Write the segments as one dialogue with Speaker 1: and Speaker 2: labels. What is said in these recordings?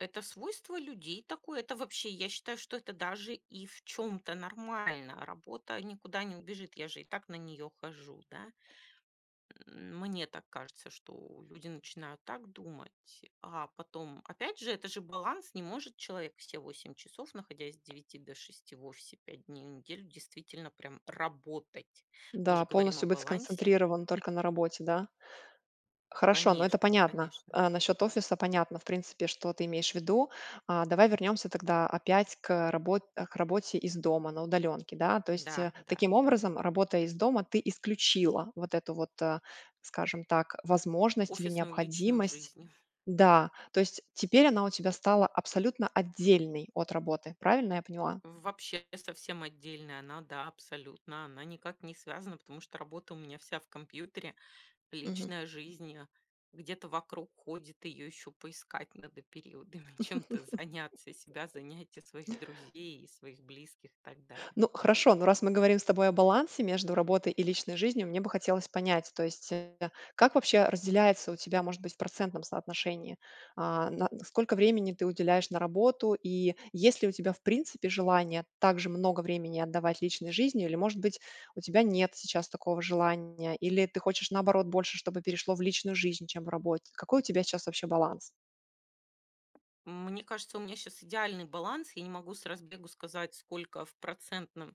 Speaker 1: Это свойство людей такое. Это вообще, я считаю, что это даже и в чём-то нормально. Работа никуда не убежит. Я же и так на нее хожу, да. Мне так кажется, что люди начинают так думать, а потом опять же это же баланс. Не может человек все 8 часов, находясь с 9 до 6 в офисе 5 дней в неделю действительно прям работать. Мы
Speaker 2: Да,
Speaker 1: же говорим о
Speaker 2: полностью быть
Speaker 1: балансе.
Speaker 2: сконцентрирован только на работе, да. Хорошо, но это
Speaker 1: Конечно
Speaker 2: понятно.
Speaker 1: конечно.
Speaker 2: Э, насчёт офиса понятно, в принципе, что ты имеешь в виду. А, давай вернёмся тогда опять к, э, работ к работе из дома на удалёнке. Да, то есть,
Speaker 1: Да,
Speaker 2: э,
Speaker 1: да,
Speaker 2: таким
Speaker 1: да.
Speaker 2: образом, работая из дома, ты исключила вот эту вот, э, скажем так, возможность или
Speaker 1: Офисную личную
Speaker 2: необходимость.
Speaker 1: жизнь.
Speaker 2: Да, то есть теперь она у тебя стала абсолютно отдельной от работы, правильно я поняла?
Speaker 1: Вообще совсем отдельная она, да, абсолютно, она никак не связана, потому что работа у меня вся в компьютере,
Speaker 2: Мгм.
Speaker 1: личная жизнь, а, где-то вокруг ходит, её ещё поискать надо периодами, чем-то заняться, себя, занять, и своих друзей, и своих близких, и так далее.
Speaker 2: Ну, хорошо, но раз мы говорим с тобой о балансе между работой и личной жизнью, мне бы хотелось понять, то есть, э, как вообще разделяется у тебя может быть в процентном соотношении, а на сколько времени ты уделяешь на работу и есть ли у тебя в принципе желание также много времени отдавать личной жизни, или может быть у тебя нет сейчас такого желания? Или ты хочешь наоборот больше, чтобы перешло в личную жизнь, чем в работе? Какой у тебя сейчас вообще баланс?
Speaker 1: Мне кажется, у меня щас идеальный баланс. Я не могу с разбегу сказать, сколько в процентном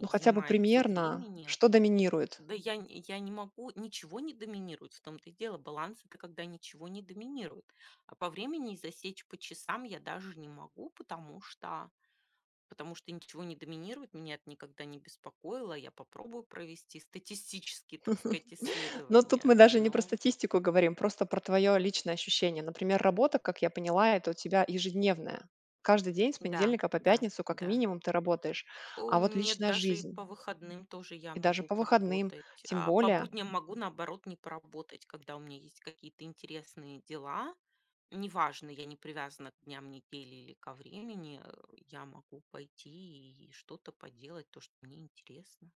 Speaker 2: Ну хотя бы
Speaker 1: занимает всё
Speaker 2: примерно,
Speaker 1: времени.
Speaker 2: что доминирует?
Speaker 1: Да, я нь я не могу, ничего не доминирует. В том то и дело баланс- это когда ничего не доминирует, а по времени засечь, по часам я даже не могу, потому что, потому что ничего не доминирует. Меня это никогда не беспокоило. Я попробую провести статистические, так сказать,
Speaker 2: Ну, тут
Speaker 1: исследования,
Speaker 2: мы даже не про
Speaker 1: но
Speaker 2: статистику говорим, просто про твоё личное ощущение. Например, работа, как я поняла- это у тебя ежедневная, каждый день с
Speaker 1: Да,
Speaker 2: понедельника по
Speaker 1: да,
Speaker 2: пятницу, как
Speaker 1: да.
Speaker 2: минимум ты работаешь.
Speaker 1: О
Speaker 2: А вот
Speaker 1: нет,
Speaker 2: личная
Speaker 1: даже и
Speaker 2: жизнь?
Speaker 1: по выходным тоже я
Speaker 2: И даже
Speaker 1: могу
Speaker 2: по выходным,
Speaker 1: поработать,
Speaker 2: тем
Speaker 1: А по
Speaker 2: более.
Speaker 1: будням могу, наоборот, не поработать, когда у меня есть какие-то интересные дела. Неважно, я не привязана к дням недели или ко времени, э, я могу пойти и что-то поделать то, что мне интересно.